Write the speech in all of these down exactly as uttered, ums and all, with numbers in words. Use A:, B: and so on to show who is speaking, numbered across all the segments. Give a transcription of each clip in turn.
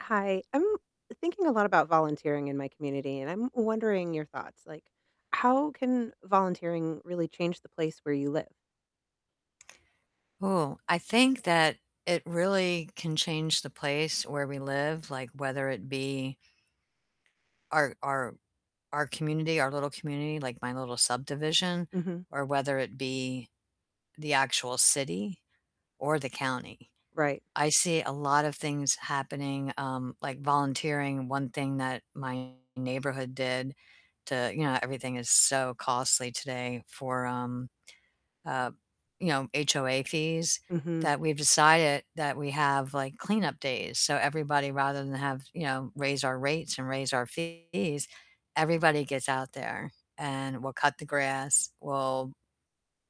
A: Hi. I'm thinking a lot about volunteering in my community, and I'm wondering your thoughts, like, how can volunteering really change the place where you live?
B: Ooh, I think that it really can change the place where we live, like, whether it be our our our community our little community, like, my little subdivision,
A: Mhm.
B: or whether it be the actual city or the county.
A: Right.
B: I see a lot of things happening, um, like volunteering. One thing that my neighborhood did to you know, everything is so costly today for, um, uh, you know, HOA fees,
A: Mhm.
B: that we've decided that we have, like, cleanup days. So everybody rather than have you know, raise our rates and raise our fees, everybody gets out there and we'll cut the grass, we'll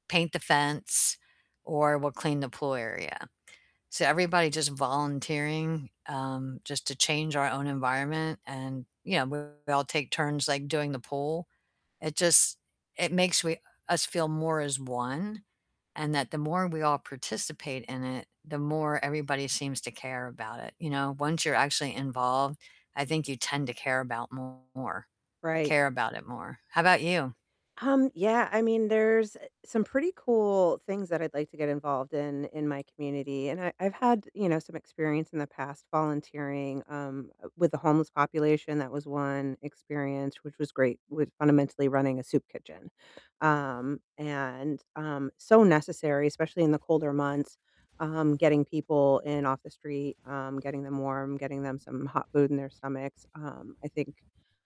B: paint the fence, or we'll clean the pool area. So everybody just volunteering, um, just to change our own environment and, you know, we all take turns, like, doing the pool. It just it makes we us feel more as one, and that the more we all participate in it, the more everybody seems to care about it, you know? Once you're actually involved, I think you tend to care about more,
A: Right.
B: care about it more. How 'bout you?
A: Um, yeah, I mean, there's some pretty cool things that I'd like to get involved in in my community, and I I've had, you know, some experience in the past volunteering, um, with the homeless population. That was one experience which was great, with fundamentally running a soup kitchen. Um, and um, so necessary, especially in the colder months, um, getting people in off the street, um, getting them warm, getting them some hot food in their stomachs, um, I think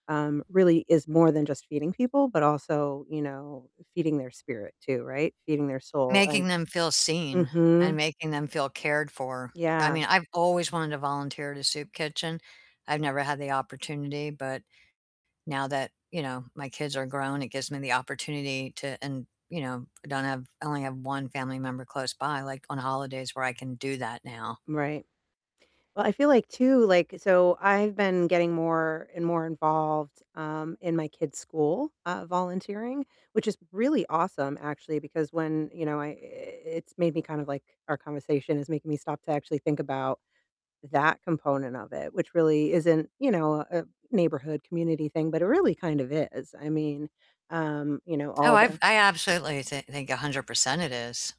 A: um, really is more than just feeding people, but also, you know, feeding their spirit too, right? Feeding their soul and
B: Making them feel seen and
A: mhm.
B: making them feel cared for. I
A: Yeah.
B: mean, I've always wanted to volunteer at a soup kitchen, I've never had the opportunity, but now that, you know, my kids are grown, it gives me the opportunity to and, you know, don't have I only have one family member close by, like, on holidays where I can do that now.
A: Right. Well, I feel like too, like so I've been getting more and more involved, um, in my kids' school, uh, volunteering, which is really awesome, actually, because when, you know, I i it's made me kind of, like our conversation is making me stop to actually think about that component of it, which really isn't, you know, a neighborhood community thing, but it really kind of is. I mean, um, you know,
B: Oh,
A: all
B: I've
A: the
B: I absolutely th think a hundred percent it is.